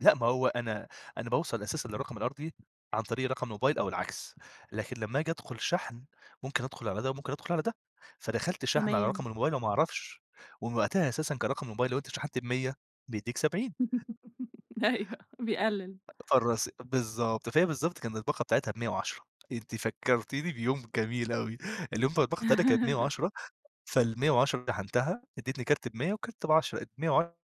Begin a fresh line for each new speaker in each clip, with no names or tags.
لأ ما هو أنا أنا باوصل أساسًا للرقم الأرضي عن طريق رقم الموبايل أو العكس، لكن لما آجي أدخل شحن ممكن أدخل على ده وممكن أدخل على ده، فدخلت شحن على
تمام.
رقم الموبايل وما أعرفش، ومن وقتها أساسًا كرقم الموبايل لوأنت شحنت ب100 بيدِّيك 70
أيوه، بيقلل.
فالرص بالضبط فهي بالضبط كانت الباقة بتاعتها ب110 أنتِ فكرتيني بيوم جميل أوي، اليوم ده الباقة بتاعتها كانت بمية وعشرة فال110 شحنتها اديتني كارت ب100 والكارت ب10 ال110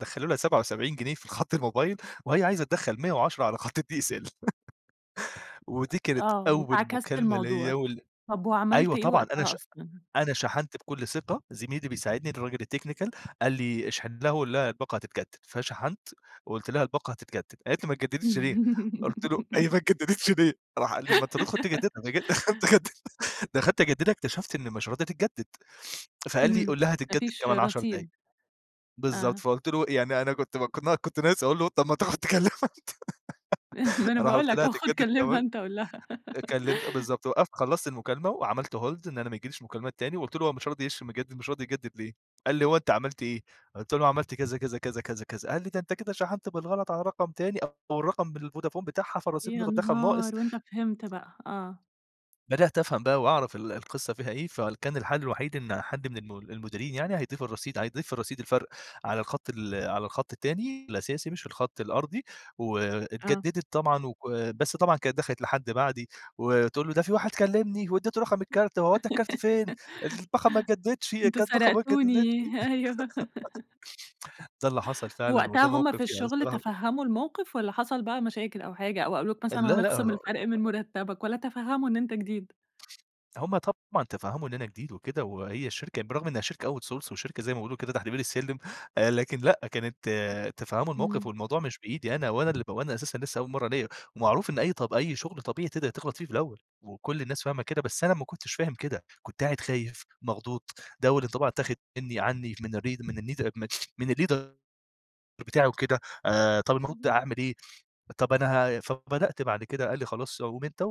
دخلوا لها 77 جنيه في الخط الموبايل وهي عايزة تدخل 110 على خط الDSL
أ
ودي كانت
آه،
أول
عكست
مكالمة
الموضوع
ليا وال
طَب وعملت
أيوه
إيه
طبعًا أنا
وقتها
ش
أصلًا؟
أنا شحنت بكل ثقة زميلي بيساعدني الراجل الTechnical قال لي اشحن لها وقل لها الباقة هتتجدد، فشحنت وقلت لها الباقة هتتجدد قالت لي: "ما اتجددتش ليه؟" قلت له: "هي ما اتجددتش ليه؟" راح قال لي ما أنت تدخل تجددها، قمت خد دخلت أجددها اكتشفت إن مش راضية تتجدد فقال لي
امم،
قل لها:
ما
"هتتجدد
فيش
كمان 10 دقايق"
رصيد،
بالضبط،
آه.
فقلت له يعني أنا كنت كنا كنت ناقص أقول له طب ما تاخد تكلمها أنت
ما أنا
رُحت
باقول
قلت
لَك
لها
أهو خد
هتجدد
كلمها
كمان
أنت قُل لها.
كلمت بالضبط وقفت خلصت المكالمة وعملت Hold إن أنا ما ييجيليش مكالمات تاني وقلت له هو: "مش راضي يش مجدد مش راضي يجدد ليه؟" قال لي: "هو أنت عملت إيه؟" قلت له أنا عملت كذا، كذا، كذا، كذا، كذا، قال لي: "ده أنت كده شحنت بالغلط على رقم تاني أو الرقم بالفودافون بتاعها فالرصيد ند
يا
دخل ناقص."
نهار! وأنت فهمت بقى. آه.
بدأت أفهم بقى وأعرف ال القصة فيها إيه، فكان الحل الوحيد إن حد من الم المديرين يعني هيضيف الرصيد هيضيف الرصيد الفرق على الخط ال على الخط التاني الأساسي مش الخط الأرضي،
آه
واتجددت طبعًا وك بس طبعًا كانت دخلت لحد بعدي وتقول له: "ده في واحد كلمني واديت له رقم الكارت، هو ودى الكارت فين؟ الباقة ما اتجددتش،
أنتم
الباقة ما اتجددتش!"
سرقتوني، أيوه.
ده اللي حصل فعلًا
ووقتها
وده
هُم
موقف
في
يعني أنا
الشغل
الصراحة ب
تفهموا الموقف، والّا حصل بقى مشاكل أو حاجة أو قالوا لَك مثلًا
لا،
هنخصم
لأ
الفرق من مرتبك، والّا تفهموا إن أنت جديد؟
هم طبعًا تفهموا إن أنا جديد وكده، وهي الشركة بالرغم إنها شركة Outsource وشركة زي ما بيقولوا كده تحت بير السلم آآ، لكن لأ كانت تفهموا الموقف
امم.
والموضوع مش بإيدي أنا وأنا ال وأنا أساسًا لسه أول مرة ليا ومعروف إن أي طب أي شغل طبيعي تقدر تغلط فيه في الأول وكل الناس فاهمة كده بس أنا ما كنتش فاهم كده، كنت قاعد خايف مخضوض، ده أول انطباع اتاخد مني عني من الري من الني من الLeader بتاعي وكده آآ، طَب المفروض
اهم.
أعمل إيه؟ طب أنا ه فبدأت بعد كده قال لي خلاص قُم أنت و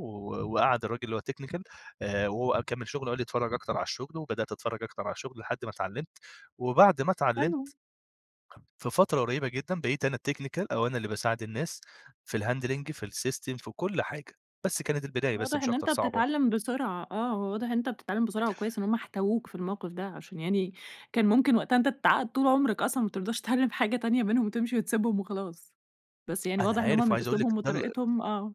وقعد الراجل اللي هو الTechnical آآ، وهو كمل شغل وقال لي: "اتفرج أكتر على الشغل" وبدأت أتفرج أكتر على الشغل لحد ما اتعلمت وبعد ما
حلو.
اتعلمت في فترة قريبة جدًا بقيت أنا الTechnical أو أنا اللي باساعد الناس في الHandling في الSystem في كل حاجة بس كانت البداية بس
واضح
مش
إن
أكتر
أنت
صعبة.
بتتعلم بسرعة آه، هو واضح إن أنت بتتعلم بسرعة وكويس إن هُم احتووك في الموقف ده، عشان يعني كان ممكن وقتها أنت تتعقد طول عمرك أصلًا ما ترضاش تتعلم حاجة تانية بينهم وتمشي وتسبهم وخلاص، بس يعني
أنا
واضح إن هُم
عارف،
من
وعايز أقول لِك
أسلوبهم
إن ده ال
وطريقتهم آه.